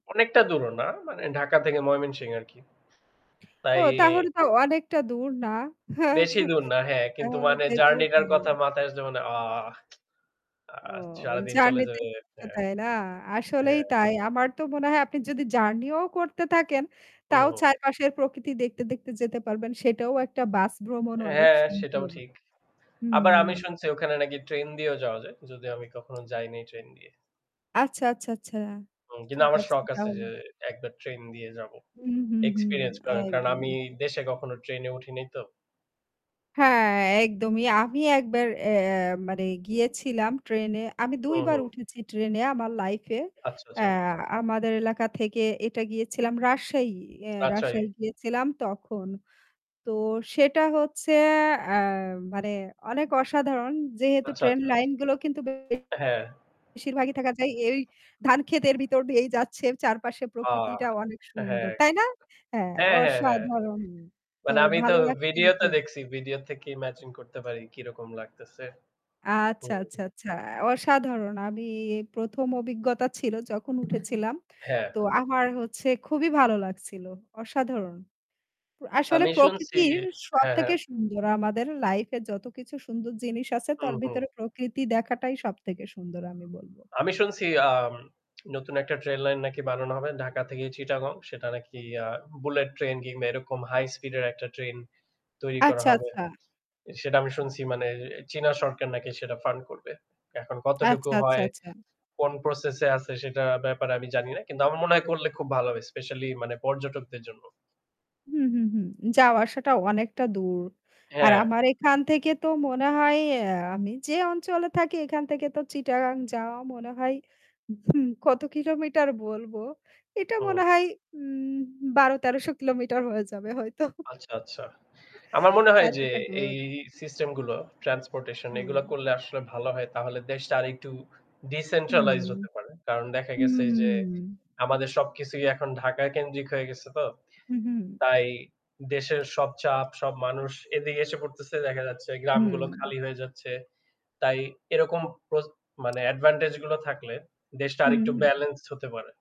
অনেকটা দূর না মানে ঢাকা থেকে ময়মনসিং আরকি। ও তাই তাহলে তো অনেকটা দূর না। বেশি দূর না। হ্যাঁ কিন্তু তাহলে মানে যেতেও জার্নি টার পারেন। কথা মাথায় আসলে মানে আ ও সারাদিন চলে জার্নি তে যাবে। [unintelligible] হ্যাঁ। তাই না? আসলেই হ্যাঁ। তাই। আমার তো মনে হয় আপনি যদি জার্নি ও করতে থাকেন হুম, তাও হুম। চারপাশের প্রকৃতি দেখতে, দেখতে যেতে পারবেন। সেটাও একটা বাস ভ্রমণ অনেক হ্যাঁ, সেটাও সুন্দর। ঠিক। আবার আমি হুম। শুনছি ওখানে নাকি ট্রেন দিয়েও যাওয়া যায়। যদিও আমি কখনো যাইনি ট্রেন দিয়ে। আচ্ছা, আচ্ছা, আচ্ছা। কিন্তু ঠিক আমার আছে শখ আছে তাহলে। যে একবার ট্রেন দিয়ে যাবো। হুম, হুম, হুম, এক্সপেরিয়েন্স কারণ কারণ আমি একদমই। দেশে কখনো ট্রেন উঠি নাই তো। হ্যাঁ, একদমই। আমি একবার অ্যা মানে গিয়েছিলাম ট্রেনে। আমি ২ হুম, বার হুম। উঠেছি ট্রেন এ আমার আমার লাইফ এ। আচ্ছা, অ্যা আচ্ছা। আমাদের এলাকা থেকে এটা গিয়েছিলাম রাজশাহী। অ্যা রাজশাহী। রাজশাহী গিয়েছিলাম তখন। তো সেটা হচ্ছে অ্যা মানে অনেক অসাধারণ যেহেতু আচ্ছা ট্রেন আচ্ছা। লাইন গুলো কিন্তু বেশির অ্যা হ্যাঁ। বেশির ভাগই থাকা যায় এই ধান ক্ষেতের ভিতর দিয়েই যাচ্ছে চারপাশে অ প্রকৃতিটা অনেক সুন্দর। হ্যাঁ। তাই না? হ্যাঁ হ্যাঁ, হ্যাঁ, হ্যাঁ। অসাধারণ। তো মানে আমি তো ভালো লাগছে ছিল ভিডিও তে খুব। দেখছি। ভিডিও থেকে ইমাজিন করতে পারি কিরকম লাগতেছে। আচ্ছা, আচ্ছা, হুম। আচ্ছা। অসাধারণ। আমি ১ম অভিজ্ঞতা ছিল যখন উঠেছিলাম। হ্যাঁ। তো আমার হচ্ছে খুবই ভালো লাগছিল। অসাধারণ। আসলে আমি শুনছি প্রকৃতির হ্যাঁ, সবথেকে হ্যাঁ। সুন্দর আমাদের আমার লাইফ এ যতকিছু সুন্দর জিনিস আছে হুম, তার হুম। ভিতরে প্রকৃতি দেখাটাই সবথেকে সুন্দর আমি বলব। আমি শুনছি আম নতুন একটা ট্রেন লাইন নাকি বানানো হবে। ঢাকা থেকে চিটাগং সেটা নাকি অ্যা বুলেট ট্রেন কিংবা এরকম হাই স্পিড এর একটা ট্রেন তৈরি করা আচ্ছা, হবে। আচ্ছা। সেটা আমি শুনছি মানে চীনা সরকার নাকি সেটা ফান্ড করবে। এখন কতটুকু আচ্ছা, আচ্ছা, হয় আচ্ছা। কোন প্রসেস এ আছে সেটার ব্যাপারে আমি জানি না। কিন্তু আমার মনে হয় করলে খুব ভালো হবে স্পেশালী মানে পর্যটকদের জন্য। হু, হু, হু, যাওয়া আসাটা অনেকটা দূর। আর হ্যাঁ। আমার এখান থেকে তো মনে হয় অ্যা আমি যে অঞ্চলে থাকি এখান থেকে তো চিটাগাং যাওয়া মনে হয় হু কত কিলোমিটার বলবো। এটা হুম। মনে হয় উম ১২-১৩০০ কিলোমিটার হয়ে যাবে হয়তো। আচ্ছা, আচ্ছা। আমার মনে হয় যে এতটা এই দূর। সিস্টেম গুলো ট্রান্সপোর্টেশন এগুলা হুম। করলে আসলে ভালো হয় তাহলে দেশটা আরেকটু হুম, ডিসেন্ট্রালাইজড হতে পারে। কারণ দেখা গেছে যে হুম। আমাদের সবকিছুই এখন ঢাকা কেন্দ্রিক হয়ে গেছে তো। হু, হু। তাই দেশের সব চাপ সব মানুষ এদিকে এসে পড়তেছে দেখা যাচ্ছে গ্রামগুলো হুম। খালি হয়ে যাচ্ছে। তাই এরকম প্রস মানে অ্যাডভান্টেজ গুলো থাকলে দেশটা হুম, আরেকটু হু। ব্যালেন্সড হতে পারে।